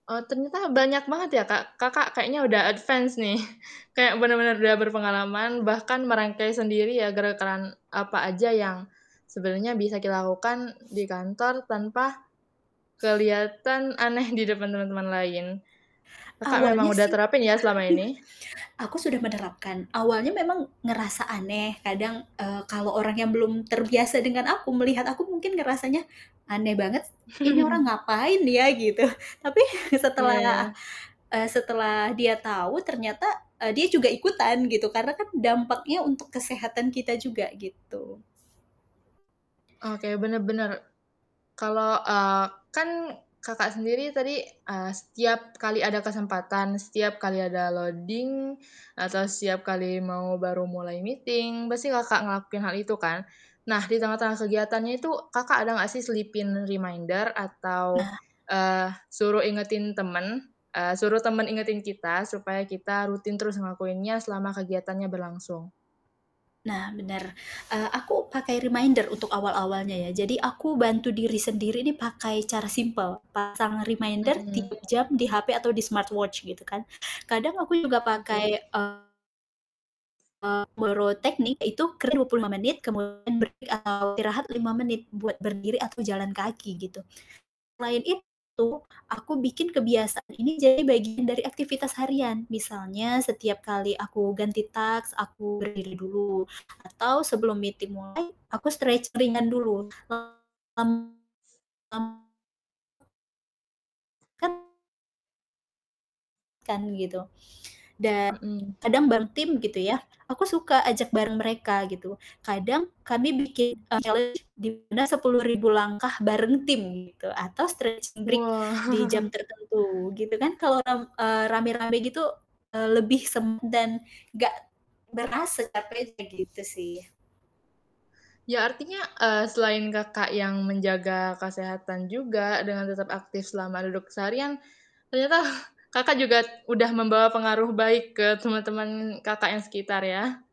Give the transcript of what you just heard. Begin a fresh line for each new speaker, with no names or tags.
Eee, ternyata banyak banget ya, Kak. Kakak kayaknya udah advance nih. Kayak, bener-bener udah berpengalaman, bahkan merangkai sendiri ya, gerakan apa aja yang sebenarnya bisa dilakukan di kantor, tanpa kelihatan aneh di depan teman-teman lain. Kakak, memang
Awalnya
udah
sih,
terapin ya selama ini?
aku sudah menerapkan. Awalnya memang ngerasa aneh kadang, eee, kalo orangnya belum terbiasa dengan aku, melihat aku mungkin ngerasanya, "Aneh banget s ini orang ngapain ya?" Gitu, tapi
Iya
setelah,
iya.
eee, setelah dia tahu ternyata e dia juga ikutan gitu, karena kan dampaknya untuk kesehatan kita juga, gitu.
Oke, bener bener. Kalo, eee, kan, Kakak sendiri tadi, a setiap kali ada kesempatan, setiap kali ada loading, atau setiap kali mau baru mulai meeting, pasti Kakak ngelakuin hal itu kan? Nah, di
Betul.
tengah-tengah kegiatannya itu, Kakak ada gak sih selipin reminder atau,
Nah
eee, suruh ingetin temen eee, suruh temen ingetin kita, supaya kita rutin terus ngelakuinnya selama kegiatannya berlangsung?
Nah, bener. Eee, aku pakai reminder untuk awal-awalnya ya. Jadi, aku bantu diri sendiri nih pakai cara simpel pasang reminder
Mhm.
3 jam di HP atau di smartwatch gitu, kan. Kadang aku juga
Oke.
pakai, eee, boro teknik ya itu kerja 25 menit kemudian berhenti atau istirahat 5 menit buat berdiri atau jalan kaki, gitu. Selain itu, aku bikin kebiasaan ini jadi bagian dari aktivitas harian, misalnya setiap kali aku ganti task, aku berdiri dulu, atau sebelum meeting mulai, aku stretching ringan dulu, [unintelligible] kan, gitu. Dan,
Mhm.
kadang bareng tim gitu, ya. Aku suka ajak bareng mereka gitu, kadang kami bikin challenge di mana 10.000 langkah bareng tim gitu, atau stretching break
Wah!
di jam tertentu gitu kan. Kalo ram eee, rame-rame gitu, eee, lebih sem dan gak berasa capeknya gitu, sih.
Ya, artinya, eee, selain Kakak yang menjaga kesehatan juga dengan tetap aktif selama duduk seharian, ternyata Kakak juga udah membawa pengaruh baik ke temen-temen Kakak yang sekitar, ya.